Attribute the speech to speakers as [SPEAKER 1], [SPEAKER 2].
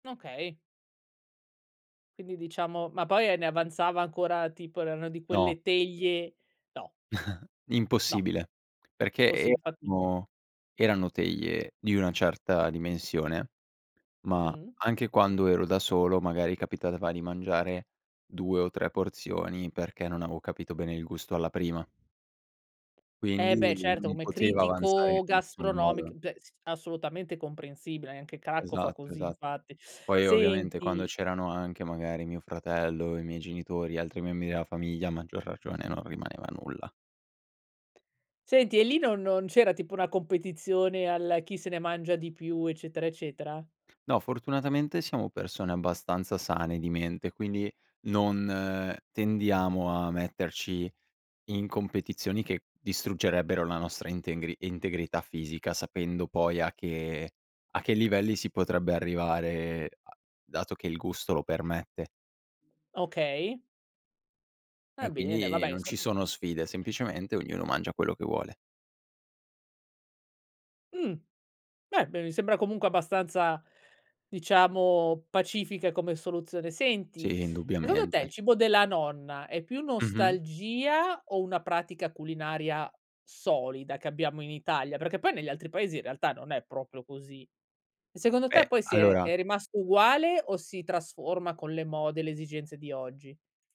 [SPEAKER 1] Okay. Quindi diciamo ma poi e ne avanzava ancora tipo erano di
[SPEAKER 2] No.
[SPEAKER 1] quelle teglie no. No.
[SPEAKER 2] Impossibile, perché
[SPEAKER 1] Posi infatti.
[SPEAKER 2] erano erano teglie di una certa dimensione, ma
[SPEAKER 1] Mh.
[SPEAKER 2] anche quando ero da solo, magari capitava di mangiare 2 o 3 porzioni perché non avevo capito bene il gusto alla prima.
[SPEAKER 1] E
[SPEAKER 2] Quindi
[SPEAKER 1] beh
[SPEAKER 2] non
[SPEAKER 1] certo
[SPEAKER 2] mi
[SPEAKER 1] come
[SPEAKER 2] poteva avanzare in
[SPEAKER 1] critico
[SPEAKER 2] nessun modo.
[SPEAKER 1] gastronomic beh s assolutamente comprensibile eh, anche Cracco fa
[SPEAKER 2] Esatto,
[SPEAKER 1] così
[SPEAKER 2] esatto.
[SPEAKER 1] infatti.
[SPEAKER 2] Poi ovviamente quando
[SPEAKER 1] Senti
[SPEAKER 2] c'erano anche magari mio fratello, i miei genitori, altri membri della famiglia, a maggior ragione non rimaneva nulla.
[SPEAKER 1] Senti e lì non no non c'era tipo una competizione al "chi se ne mangia di più" eccetera, eccetera?
[SPEAKER 2] No, fortunatamente siamo persone abbastanza sane di mente, quindi non tendiamo a metterci in competizioni che distruggerebbero la nostra intengri integrità fisica, sapendo poi a che a che livelli si potrebbe arrivare a dato che il gusto lo permette.
[SPEAKER 1] Okay.
[SPEAKER 2] E
[SPEAKER 1] Va bene,
[SPEAKER 2] quindi
[SPEAKER 1] vabbè
[SPEAKER 2] non ci
[SPEAKER 1] insomma
[SPEAKER 2] sono sfide, semplicemente ognuno mangia quello che vuole.
[SPEAKER 1] Mh, beh b mi sembra comunque abbastanza, diciamo pacifica come soluzione. Senti,
[SPEAKER 2] Sì,
[SPEAKER 1] secondo te
[SPEAKER 2] indubbiamente.
[SPEAKER 1] il cibo della nonna è più
[SPEAKER 2] Mh-mh.
[SPEAKER 1] nostalgia o una pratica culinaria solida che abbiamo in Italia? Perché poi negli altri paesi in realtà non è proprio così. Secondo te
[SPEAKER 2] Eh,
[SPEAKER 1] poi si è
[SPEAKER 2] allora
[SPEAKER 1] è rimasto uguale o si trasforma con le mode, le esigenze di oggi?